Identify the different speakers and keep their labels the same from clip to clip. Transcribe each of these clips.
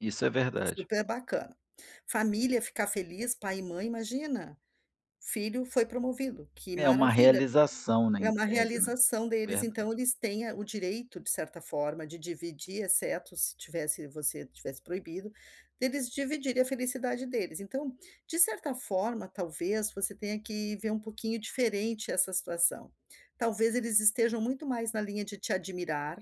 Speaker 1: Isso é verdade.
Speaker 2: Super bacana. Família ficar feliz, pai e mãe, imagina. Filho foi promovido, que
Speaker 1: É uma
Speaker 2: maravilha,
Speaker 1: realização, né,
Speaker 2: é
Speaker 1: em
Speaker 2: uma
Speaker 1: tese, né.
Speaker 2: realização deles, então
Speaker 1: Verdade.
Speaker 2: eles têm, eh, o direito, de certa forma, de dividir, exceto se tivesse você tivesse proibido deles dividir a felicidade deles. Então, de certa forma, talvez você tenha que ver um pouquinho diferente essa situação. Talvez eles estejam muito mais na linha de te admirar,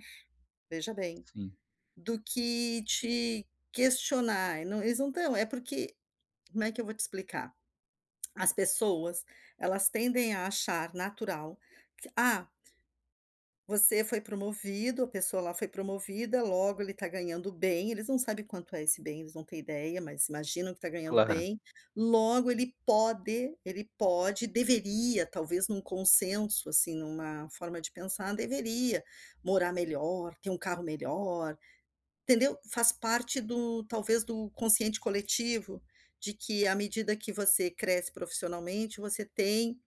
Speaker 2: veja bem,
Speaker 1: Sim.
Speaker 2: do que te questionar, e não eles não tão é porque como é que eu vou te explicar? As pessoas, elas tendem a achar natural, que ah você foi promovido, a pessoa lá promovida, logo ele está ganhando bem, eles não sabem quanto é esse bem, eles não têm ideia, mas imaginam que está ganhando
Speaker 1: Claro.
Speaker 2: bem, logo ele pode, ele pode, deveria, talvez, em um consenso, assim, em uma forma de pensar, deveria morar melhor, ter um carro melhor, entendeu, faz parte do talvez do consciente coletivo, de que à medida que você cresce profissionalmente, você tem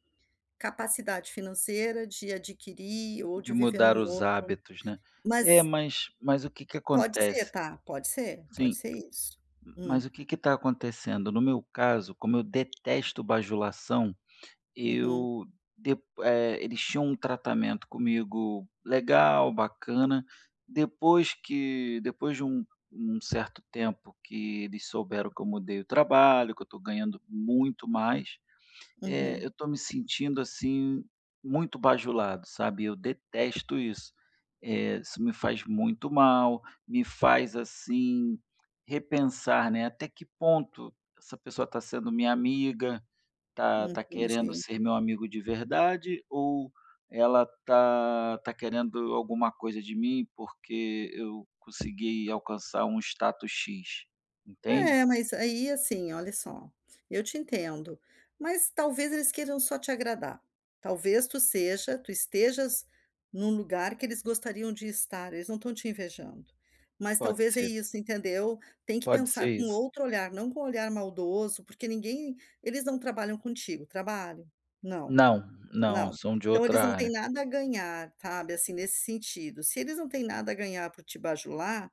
Speaker 2: capacidade financeira de adquirir ou
Speaker 1: De
Speaker 2: de viver em
Speaker 1: mudar
Speaker 2: um
Speaker 1: os
Speaker 2: outro
Speaker 1: hábitos, né. É,
Speaker 2: mas
Speaker 1: mas mas o que que
Speaker 2: pode ser
Speaker 1: acontece
Speaker 2: está, pode ser,
Speaker 1: sim.
Speaker 2: pode
Speaker 1: M
Speaker 2: ser isso. Hum.
Speaker 1: mas o que que está acontecendo, no meu caso, como eu detesto bajulação,
Speaker 2: Uhum.
Speaker 1: eu depo eh, eles tinham um tratamento comigo legal, bacana, depois que depois de um um certo tempo que eles souberam que eu mudei o trabalho, que eu estou ganhando muito mais, eh,
Speaker 2: Uhum.
Speaker 1: eu estou me sentindo, assim, muito bajulado, sabe, eu detesto isso. Eh, isso me faz muito mal, me faz, assim, repensar, né: "Até que ponto essa pessoa está sendo minha amiga. Está
Speaker 2: Hum,
Speaker 1: está querendo
Speaker 2: imagino.
Speaker 1: ser meu amigo de verdade ou ela está está querendo alguma coisa de mim, porque eu consegui alcançar um status X", entende?
Speaker 2: É, mas aí, assim, olha só, eu te entendo, mas talvez eles queiram só te agradar. Talvez tu seja tu estejas em um lugar que eles gostariam de estar, eles não estão te invejando, mas
Speaker 1: Pode
Speaker 2: talvez é
Speaker 1: ser.
Speaker 2: isso, entendeu. Tem que
Speaker 1: Pode ser
Speaker 2: pensar com
Speaker 1: isso.
Speaker 2: outro olhar, não com olhar maldoso, porque ninguém eles não trabalham contigo, trabalham? Não,
Speaker 1: Não, não.
Speaker 2: não.
Speaker 1: São de
Speaker 2: Então eles
Speaker 1: outra
Speaker 2: não têm
Speaker 1: área.
Speaker 2: nada a ganhar, sabe, assim, nesse sentido, se eles não têm nada a ganhar por te bajular